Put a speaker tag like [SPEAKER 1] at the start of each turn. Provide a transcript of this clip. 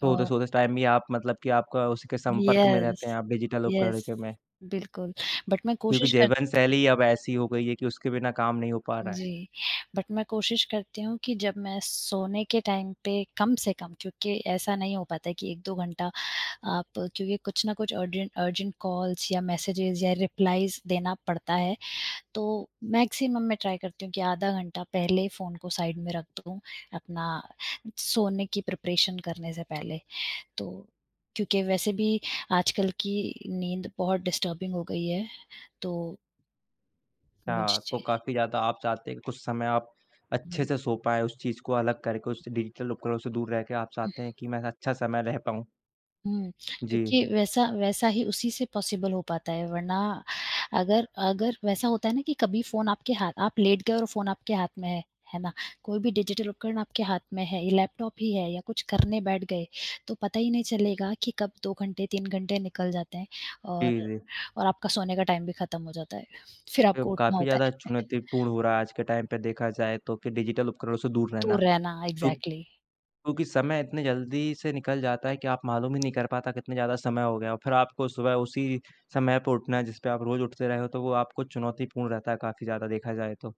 [SPEAKER 1] अ
[SPEAKER 2] सोते-सोते उस टाइम भी आप मतलब कि आप का उसी के संपर्क में रहते हैं
[SPEAKER 1] यस।
[SPEAKER 2] आप, डिजिटल उपकरण
[SPEAKER 1] यस।
[SPEAKER 2] के में
[SPEAKER 1] बिल्कुल, बट मैं
[SPEAKER 2] क्योंकि
[SPEAKER 1] कोशिश कर
[SPEAKER 2] जीवनशैली अब ऐसी हो गई है कि उसके बिना काम नहीं हो पा रहा है।
[SPEAKER 1] जी। बट मैं कोशिश करती हूँ कि जब मैं सोने के टाइम पे कम से कम क्योंकि ऐसा नहीं हो पाता है कि 1-2 घंटा आप क्योंकि कुछ न कुछ अर्जें अर्जेंट कॉल्स या मेसेजस या रिप्लाइज़ देना पड़ता है, तो मैक्सिमम मैं ट्राय करती हूँ कि आधा घंटा पहले फ़ोन को साइड में रख दूँ, अपना सोने की प्रिपरेशन करने से पहले। तो क्योंकि वैसे भी आजकल की नींद बहुत डिस्टर्बिंग हो गई है तो
[SPEAKER 2] हाँ, तो
[SPEAKER 1] मुझे
[SPEAKER 2] काफ़ी ज़्यादा आप चाहते हैं कि कुछ समय आप अच्छे
[SPEAKER 1] हुँ।
[SPEAKER 2] से सो पाएँ उस चीज को अलग करके, उस डिजिटल उपकरणों से दूर रह के, आप चाहते हैं कि मैं अच्छा से मैं रह पाऊँ।
[SPEAKER 1] हुँ,
[SPEAKER 2] जी।
[SPEAKER 1] क्योंकि वैसा वैसा ही उसी से पॉसिबल हो पाता है वरना अगर अगर वैसा होता है ना कि कभी फ़ोन आपके हा आप लेट गए और फ़ोन आपके हाथ में है, है ना? कोई भी डिजिटल उपकरण आपके हाथ में है, ये लैपटॉप ही है या कुछ करने बैठ गए तो पता ही नहीं चलेगा कि कब 2 घंटे, 3 घंटे निकल जाते हैं और
[SPEAKER 2] जी, जी।
[SPEAKER 1] और आपका सोने का टाइम भी खत्म हो जाता है, फिर
[SPEAKER 2] अब
[SPEAKER 1] आपको उठना
[SPEAKER 2] काफ़ी
[SPEAKER 1] होता
[SPEAKER 2] ज़्यादा
[SPEAKER 1] है।
[SPEAKER 2] चुनौतीपूर्ण हो रहा है आज के टाइम पे देखा जाए तो कि डिजिटल उपकरणों से दूर रहना।
[SPEAKER 1] दूर रहना,
[SPEAKER 2] तो
[SPEAKER 1] एक्जैक्टली।
[SPEAKER 2] क्योंकि समय इतने जल्दी से निकल जाता है कि आप मालूम ही नहीं कर पाता कितने ज़्यादा समय हो गया। फिर आपको सुबह उसी समय पे उठना है जिस पे आप रोज़ उठते रहे हो, तो वो आपको चुनौतीपूर्ण रहता है काफ़ी ज़्यादा देखा जाए तो।